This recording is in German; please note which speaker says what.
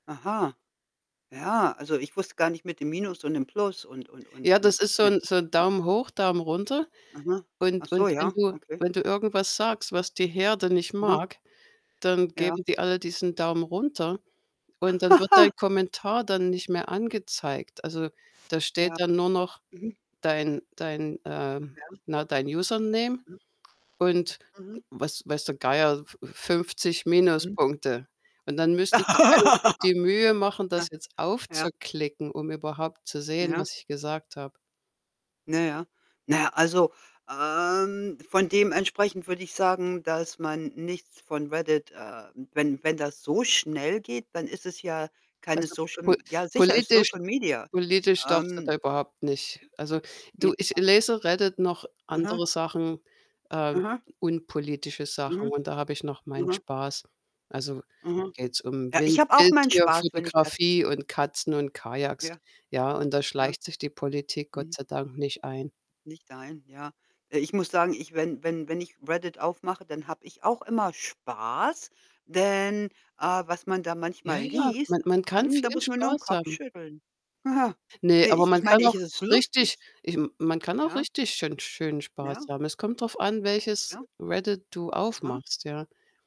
Speaker 1: Aha. Ja, also, ich wusste gar nicht mit dem Minus und dem Plus und und und
Speaker 2: Ja, das
Speaker 1: und
Speaker 2: ist
Speaker 1: ich
Speaker 2: so
Speaker 1: mein
Speaker 2: 'n so 'n Daumen hoch, Daumen runter.
Speaker 1: Aha. Ach
Speaker 2: Und
Speaker 1: so,
Speaker 2: und wenn
Speaker 1: ja?
Speaker 2: du
Speaker 1: Okay.
Speaker 2: wenn du irgendwas sagst, was die Herde nicht
Speaker 1: Aha.
Speaker 2: mag, dann
Speaker 1: Ja.
Speaker 2: geben die alle diesen Daumen runter, und dann wird dein Kommentar dann nicht mehr angezeigt. Also, da steht
Speaker 1: Ja.
Speaker 2: dann nur noch
Speaker 1: Mhm.
Speaker 2: dein dein ähm,
Speaker 1: Ja.
Speaker 2: na, dein Username
Speaker 1: Mhm.
Speaker 2: und
Speaker 1: Mhm.
Speaker 2: weiß weiß der Geier, f 50
Speaker 1: Mhm.
Speaker 2: Minuspunkte. Und, dann müsste sich einer die Mühe machen,
Speaker 1: Ja.
Speaker 2: das jetzt
Speaker 1: Ja.
Speaker 2: aufzuklicken, um überhaupt zu sehen,
Speaker 1: Ja.
Speaker 2: was ich gesagt habe.
Speaker 1: Na ja. Na ja, also, ähm, von dementsprechend würde ich sagen, dass man nichts von Reddit äh, wenn wenn das so schnell geht, dann ist es ja keine
Speaker 2: Also,
Speaker 1: Social
Speaker 2: po
Speaker 1: M ja, sicher ist
Speaker 2: politisch
Speaker 1: Social Media.
Speaker 2: politisch darfst du
Speaker 1: Ähm
Speaker 2: da überhaupt nicht also, du, ich
Speaker 1: [unintelligible]
Speaker 2: lese Reddit, noch
Speaker 1: Aha.
Speaker 2: andere Sachen, ähm,
Speaker 1: Aha.
Speaker 2: unpolitische Sachen
Speaker 1: Mhm.
Speaker 2: und da habe ich noch meinen
Speaker 1: Aha.
Speaker 2: Spaß. Also,
Speaker 1: Aha.
Speaker 2: geht's um
Speaker 1: Ja, ich
Speaker 2: Wild
Speaker 1: habe auch meinen Spaß, wenn ich das
Speaker 2: Wildtier-Fotografie und Katzen und Kajaks.
Speaker 1: Ja.
Speaker 2: Ja, und da
Speaker 1: Ja.
Speaker 2: schleicht sich die Politik Gott
Speaker 1: Mhm.
Speaker 2: sei Dank nicht ein.
Speaker 1: Nicht dein, ja. Äh, ich muss sagen, ich wenn wenn wenn ich Reddit aufmache, dann habe ich auch immer Spaß, denn, äh, was man da
Speaker 2: Ja,
Speaker 1: manchmal
Speaker 2: ja,
Speaker 1: liest,
Speaker 2: man man kann
Speaker 1: hm,
Speaker 2: viel
Speaker 1: da muss man nur 'n
Speaker 2: Spaß
Speaker 1: Kopf
Speaker 2: haben.
Speaker 1: schütteln. He, he.
Speaker 2: Ne,
Speaker 1: Ne,
Speaker 2: aber
Speaker 1: ich
Speaker 2: man
Speaker 1: ich mein,
Speaker 2: kann
Speaker 1: ich
Speaker 2: auch
Speaker 1: es ist
Speaker 2: richtig
Speaker 1: lustig,
Speaker 2: ich m man kann auch
Speaker 1: ja.
Speaker 2: richtig schön schönen Spaß
Speaker 1: Ja.
Speaker 2: haben. Es kommt drauf an, welches
Speaker 1: Ja.
Speaker 2: Reddit du
Speaker 1: Aha.
Speaker 2: aufmachst, ja.